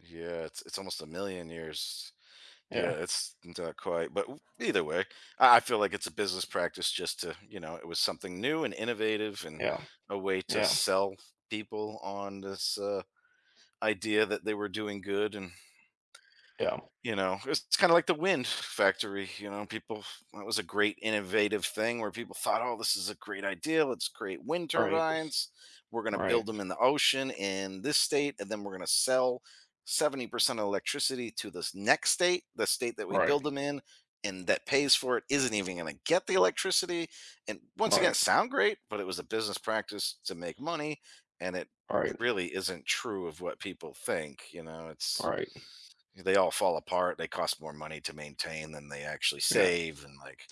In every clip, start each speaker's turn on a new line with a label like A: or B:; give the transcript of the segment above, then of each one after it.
A: Yeah, it's it's almost a million years. Yeah,
B: Yeah.
A: it's not quite, but, either way, I I feel, like, it's a business practice just to, you know, it was something new and innovative and
B: Yeah,
A: a way to
B: yeah.
A: sell people on this, uh, idea that they were doing good and
B: Yeah.
A: you know, it's kinda, like, the wind factory, you know, people, it was a great innovative thing where people thought, oh, this is a great idea, let's create wind
B: Right.
A: turbines, we're gonna
B: Right.
A: build them in the ocean in this state and then we're going to sell 70% of electricity to this next state, the state that we build
B: Right.
A: them in, and that pays for it isn't even gonna get the electricity and once again it
B: Right.
A: sound great, but, it was a business practice to make money and it
B: Right.
A: really isn't true of what people think, you know, it's
B: Right.
A: they all fall apart. They cost more money to maintain than they actually
B: Yeah.
A: save and, like,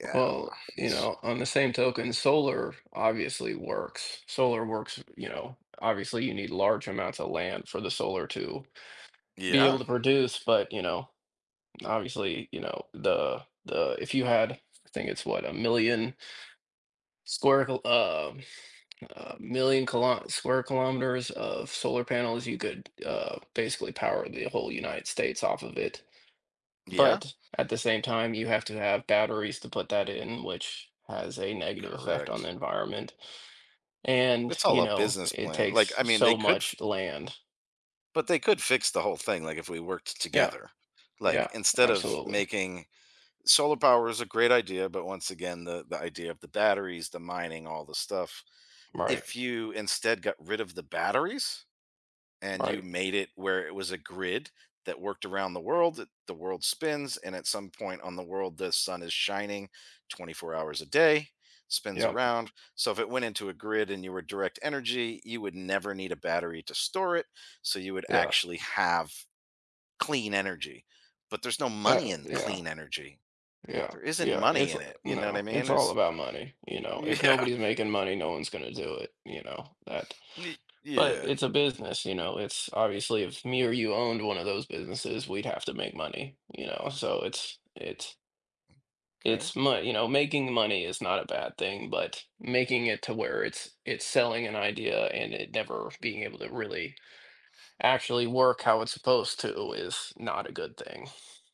A: yeah, I don't
B: Well,
A: know,
B: you
A: it's
B: know, on the same token, solar obviously works. Solar works, you know, obviously you need large amounts of land for the solar to be able
A: Yeah.
B: to produce, but, you know, obviously, you know, the the, if you had, I think it's what, a million square kil um, million kil square kilometers of solar panels, you could, uh, basically power the whole United States off of it.
A: Yeah.
B: But, at the same time, you have to have batteries to put that in, which has a negative effect on the
A: Correct.
B: environment. And,
A: It's all
B: you
A: a
B: know,
A: business
B: it
A: plan, like,
B: takes
A: I mean, they
B: so
A: could f
B: much land.
A: But, they could fix the whole thing, like if we worked
B: Yeah,
A: together, like,
B: yeah,
A: instead of
B: absolutely.
A: making solar power is a great idea, but, once again, the the idea of the batteries, the mining, all the stuff,
B: Right.
A: if you instead got rid of the batteries, and you
B: Right.
A: made it where it was a grid that worked around the world, th the world spins, and at some point on the world, the sun is shining 24 hours a day, spins
B: Yep.
A: around, so if it went into a grid and you were direct energy, you would never need a battery to store it, so you would
B: Yeah.
A: actually have clean energy, but, there's no
B: Uh,
A: money in
B: yeah.
A: clean energy.
B: Yeah,
A: There isn't
B: yeah,
A: money
B: it's
A: in it, you know what
B: no,
A: I
B: it's
A: mean?
B: all
A: It's
B: about money, you know. If
A: yeah.
B: nobody's making money, no one's gonna do it, you know, that,
A: Ye
B: but
A: yeah.
B: it's a business, you know, it's obviously if me or you owned one of those businesses, we'd have to make money, you know, so it's it
A: 'Kay.
B: it's mon you know, making money is not a bad thing, but, making it to where it's it's selling an idea, and it never being able to really actually work how it's supposed to is not a good thing.